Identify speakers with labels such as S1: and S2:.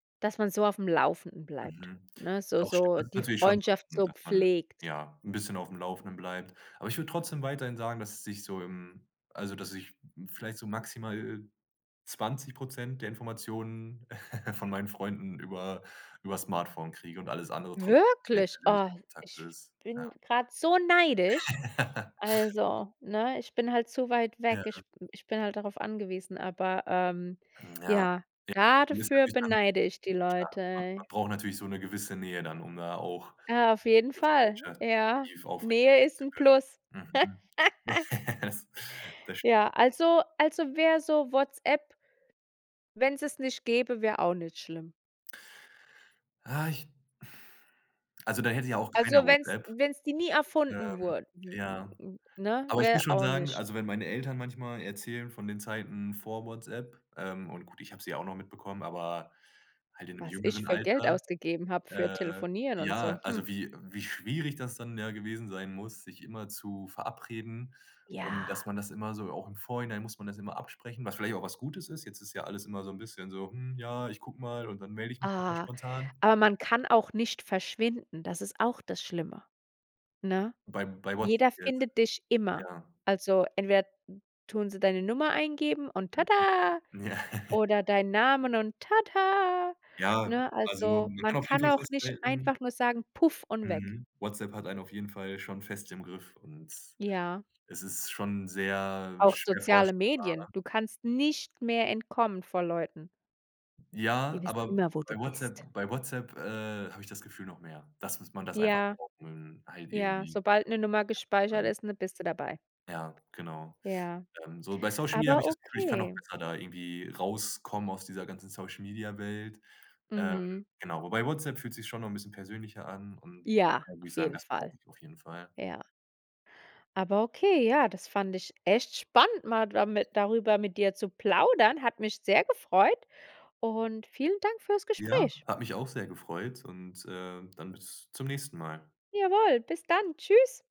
S1: Dass man so aufm Laufenden bleibt,
S2: Mhm.
S1: ne, so
S2: Doch
S1: so
S2: stimmt
S1: die
S2: natürlich schon so,
S1: Freundschaft so
S2: dass man,
S1: pflegt.
S2: ja, 'n bisschen aufm Laufenden bleibt. Aber ich würde trotzdem weiterhin sagen, dass es sich so im also, dass ich vielleicht so maximal 20 % der Informationen von meinen Freunden über über das Smartphone kriege und alles andere trotzdem der
S1: Wirklich?
S2: persönliche
S1: Oh,
S2: Kontakt
S1: ich
S2: ist, ja.
S1: bin grade so neidisch. Also, ne, ich bin halt zu weit weg.
S2: Ja.
S1: Ich b ich bin halt darauf angewiesen, aber, ähm,
S2: Hm, ja..
S1: ja,
S2: [unintelligible]
S1: da
S2: Das ist
S1: dafür
S2: natürlich dann
S1: beneide ich die
S2: schade, man man
S1: Leute.
S2: braucht natürlich so 'ne gewisse Nähe dann, um da auch
S1: Ah, auf jeden
S2: 'ne
S1: Fall,
S2: Freundschaft
S1: ja.
S2: [unintelligible] aufrecht
S1: Nähe
S2: erhalten
S1: ist
S2: zu
S1: 'n Plus.
S2: können. Mhm. Das das stimmt.
S1: Ja, also also, wäre so WhatsApp Wenn es nicht gäbe, wäre auch nicht schlimm.
S2: Ah, ich Also, da hätte ja auch keiner
S1: Also, wenn es
S2: WhatsApp.
S1: wenn es die nie
S2: Ähm,
S1: erfunden wurde,
S2: ja.
S1: ne,
S2: Aber ich
S1: wäre
S2: muss schon
S1: auch
S2: sagen,
S1: nicht?
S2: also, wenn meine Eltern manchmal erzählen von den Zeiten vor WhatsApp, ähm, und gut, ich habe sie ja auch noch mitbekommen, aber halt in 'nem
S1: Was ich
S2: jüngeren
S1: für Geld
S2: Alter,
S1: ausgegeben habe für
S2: äh,
S1: Telefonieren und
S2: ja.
S1: so, hm?
S2: Also, wie wie schwierig das dann ja gewesen sein muss, sich immer zu verabreden und, dass
S1: Ja.
S2: man das immer so auch im Vorhinein muss man das immer absprechen, was vielleicht auch was Gutes ist. Jetzt ist ja alles immer so 'n bisschen so: „Hm, ja, ich gucke mal und dann melde ich mich noch mal
S1: Ah,
S2: spontan.“
S1: aber man kann auch nicht verschwinden, das ist auch das Schlimme, ne?
S2: Bei bei WhatsApp
S1: Jeder
S2: jetzt?
S1: findet dich immer.
S2: Ja.
S1: Also, entweder tun sie deine Nummer eingeben und tada
S2: Mhm. Ja.
S1: oder deinen Namen und tada,
S2: Ja,
S1: ne?
S2: also,
S1: Also,
S2: man
S1: man
S2: kann auf jeden
S1: kann
S2: Fall
S1: auch nicht
S2: festhalten
S1: einfach nur sagen, puff und weg.
S2: Mhm. WhatsApp hat einen auf jeden Fall schon fest im Griff und
S1: Ja.
S2: es ist schon sehr
S1: Auch
S2: schwer
S1: soziale
S2: vorstellbar,
S1: Medien,
S2: ne?
S1: du kannst nicht mehr entkommen vor Leuten. Die
S2: Ja,
S1: wissen
S2: aber
S1: immer, wo du
S2: bei
S1: bist.
S2: WhatsApp bei WhatsApp, äh, habe ich das Gefühl noch mehr, dass was man das einfach
S1: Ja,
S2: braucht, um halt
S1: ja,
S2: irgendwie
S1: sobald 'ne Nummer
S2: [unintelligible] zu
S1: gespeichert
S2: bleiben.
S1: ist, dann bist du dabei.
S2: Ja, genau.
S1: Ja,
S2: Ähm, so, bei Social Media habe
S1: aber
S2: ich das Gefühl, ich kann noch
S1: okay.
S2: besser da irgendwie rauskommen aus dieser ganzen Social-Media-Welt. Ähm,
S1: Mhm.
S2: genau, wobei WhatsApp fühlt sich schon noch 'n bisschen persönlicher an und
S1: Ja,
S2: da würde ich
S1: auf
S2: sagen,
S1: jeden
S2: das
S1: Fall.
S2: brauche ich auf jeden Fall.
S1: Ja. Aber okay, ja, das fand ich echt spannend, mal dami darüber mit dir zu plaudern. Hat mich sehr gefreut. Und vielen Dank fürs
S2: Ja,
S1: Gespräch.
S2: hat mich auch sehr gefreut und, äh, dann bis zum nächsten Mal.
S1: Jawoll, bis dann. Tschüss.